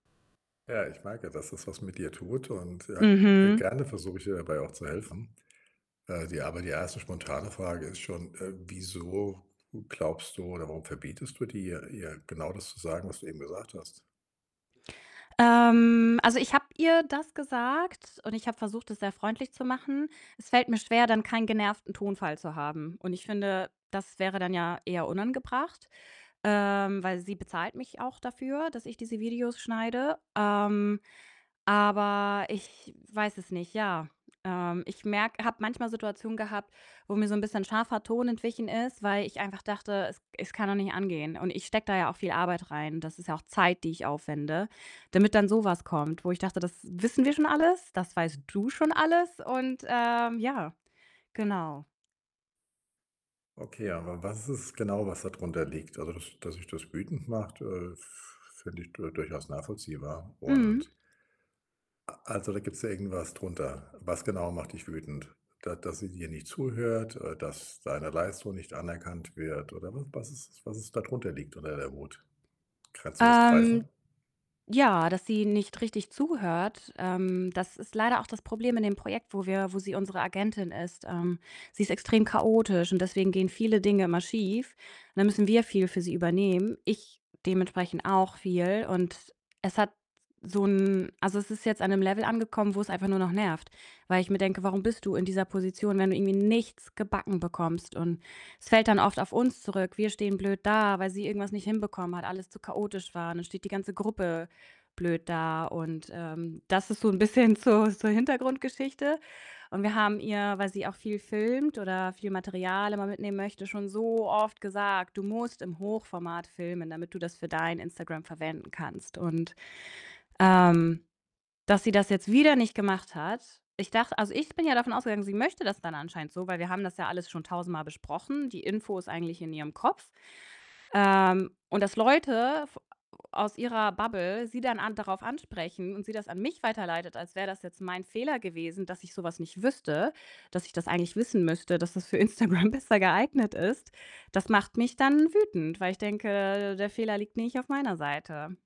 Ja, ich merke, dass das was mit dir tut und ja, g Mhm. gerne versuche ich dir dabei auch zu helfen. Äh, die aber die 1. spontane Frage ist schon: „Äh, wieso glaubst du oder warum verbietest du dir, ihr genau das zu sagen, was du eben gesagt hast?“ Ähm, also, ich habe ihr das gesagt und ich habe versucht, es sehr freundlich zu machen. Es fällt mir schwer, dann keinen genervten Tonfall zu haben und ich finde, das wäre dann ja eher unangebracht, ähm, weil sie bezahlt mich auch dafür, dass ich diese Videos schneide. Ähm, aber ich weiß es nicht, ja, ähm, ich merke habe manchmal Situationen gehabt, wo mir so 'n bisschen scharfer Ton entwichen ist, weil ich einfach dachte, es es kann doch nicht angehen. Und ich stecke da ja auch viel Arbeit rein. Das ist ja auch Zeit, die ich aufwende, damit dann so was kommt, wo ich dachte: „Das wissen wir schon alles. Das weißt du schon alles.“ Und, ähm, ja, genau. Okay, aber was ist es genau, was da drunter liegt? Also, das das dich das wütend macht, äh, f finde ich d durchaus nachvollziehbar. Und Mhm. A also, da gibt's ja irgendwas drunter. Was genau macht dich wütend? Da dass sie dir nicht zuhört, äh, dass deine Leistung nicht anerkannt wird? Oder wa was ist es, was es da drunter liegt unter der Wut? Kannst du das Ähm, greifen? ja, dass sie nicht richtig zuhört, ähm, das ist leider auch das Problem in dem Projekt, wo wir wo sie unsere Agentin ist. Ähm, sie ist extrem chaotisch und deswegen gehen viele Dinge immer schief und dann müssen wir viel für sie übernehmen. Ich dementsprechend auch viel und es hat s so 'n also, es ist jetzt an 'nem Level angekommen, wo's einfach nur noch nervt, weil ich mir denke: „Warum bist du in dieser Position, wenn du irgendwie nichts gebacken bekommst?“ Und es fällt dann oft auf uns zurück. Wir stehen blöd da, weil sie irgendwas nicht hinbekommen hat, alles zu chaotisch war, dann steht die ganze Gruppe blöd da und, ähm das ist so 'n bisschen zur zur Hintergrundgeschichte. Und wir haben ihr, weil sie auch viel filmt oder viel Material immer mitnehmen möchte, schon so oft gesagt: „Du musst im Hochformat filmen, damit du das für dein Instagram verwenden kannst.“ Und, ähm, dass sie das jetzt wieder nicht gemacht hat. Ich dachte also, ich bin ja davon ausgegangen, sie möchte das dann anscheinend so, weil wir haben das ja alles schon tausendmal besprochen. Die Info ist eigentlich in ihrem Kopf. Ähm, und dass Leute f a aus ihrer Bubble sie dann an darauf ansprechen und sie das an mich weiterleitet, als wäre das jetzt mein Fehler gewesen, dass ich so was nicht wüsste, dass ich das eigentlich wissen müsste, dass das für Instagram besser geeignet ist, das macht mich dann wütend, weil ich denke, der Fehler liegt nicht auf meiner Seite.